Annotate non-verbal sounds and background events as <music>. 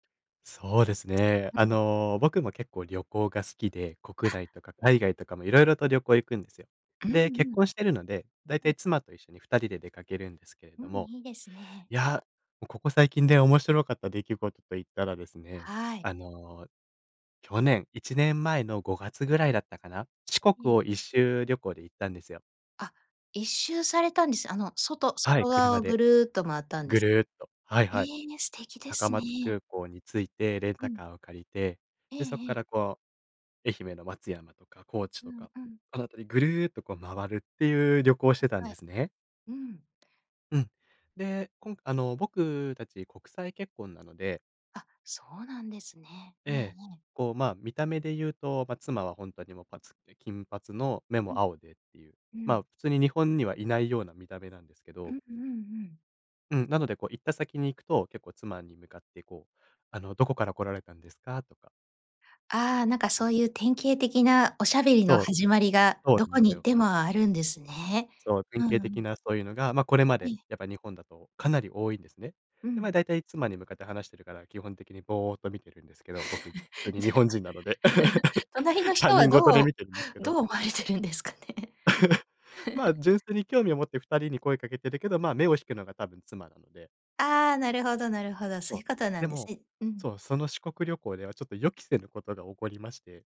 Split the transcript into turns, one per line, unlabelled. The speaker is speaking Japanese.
そうですね。
う
あ
ん。
の、僕も結構旅行が好きで、国
あ
内とか海外とかも色々と旅行行くんですよ。
うんう
で、結
ん。
婚してるので、だいた
ええ。
い妻と一緒に二人で出かけるんですけれ
う
ど
ん、
も、
いいですね。
いや、おここ最近で面白かった出来事と言ったらですね、
はい。
あの、去年、1年前の5月ぐらいだったかな。四国
ええ。
を一周旅行で行ったんですよ。
あ、一周されたんです。あの、外
はい、
外側
車
をぐ
で
るっと周ったんで
ぐ
す？
るっと。はい
え
はい。
え、ね、素敵で
高
す
松
ね。
空港に着いてレン
う
タ
ん。
カーを借りて、
ええ
で、そっ
え
か
え。
らこう、愛媛の松山とか高知
う
と
ん
か、
うん。
あの辺りぐるっと、こう、周るっていう旅行をしてたん
は
で
い。
すね。
うん。
うん。で、こんあの、僕たち国際結婚なので
あ、そうなんですね。え
え
ええ
え、
え。
こう、ま、見た目で言うと、ま、妻はほんとにもう、ぱつで、金髪の目
う
も
ん、
青でっていう、
う
まあ、
ん。
普通に日本にはいないような見た目なんですけ
う
ど
んうんうん。
うん、なので、こう、行った先に行くと、結構妻に向かって、こう、あの「どこから来られたんですか？」とか
ああ、なんか
う
そ
ん。
ういう典型的なおしゃべりの
そう、
始まりが
そう
ど
なん
こ
す
に行っ
よ。
てもあるんですね。
そう、典
う
型
んう
的
ん。
なそういうのが、ま、これま
え
で
え。
やっぱ日本だとかなり多いんですね。
う
で、ま、
ん。
だいたい妻に向かって話してるから、基本的にぼうっと見てるんですけど、僕、普通
<chuckles>
に
じゃ、
日
<giggles>
本人なので、<laughs>
隣の
他
人は
人事
ど
で
う
見てるんけ
ど
ど。
う思われてるんですかね？
<laughs> まあ、
<giggles>
純粋に興味を持って二人に声かけてるけど、まあ、目を引くのが多分妻なので
ああ、なるほどなるほど。そう
わ、
いうことな
で
んです
も、
ね。うん。
そう、その四国旅行ではちょっと予期せぬことが起こりまして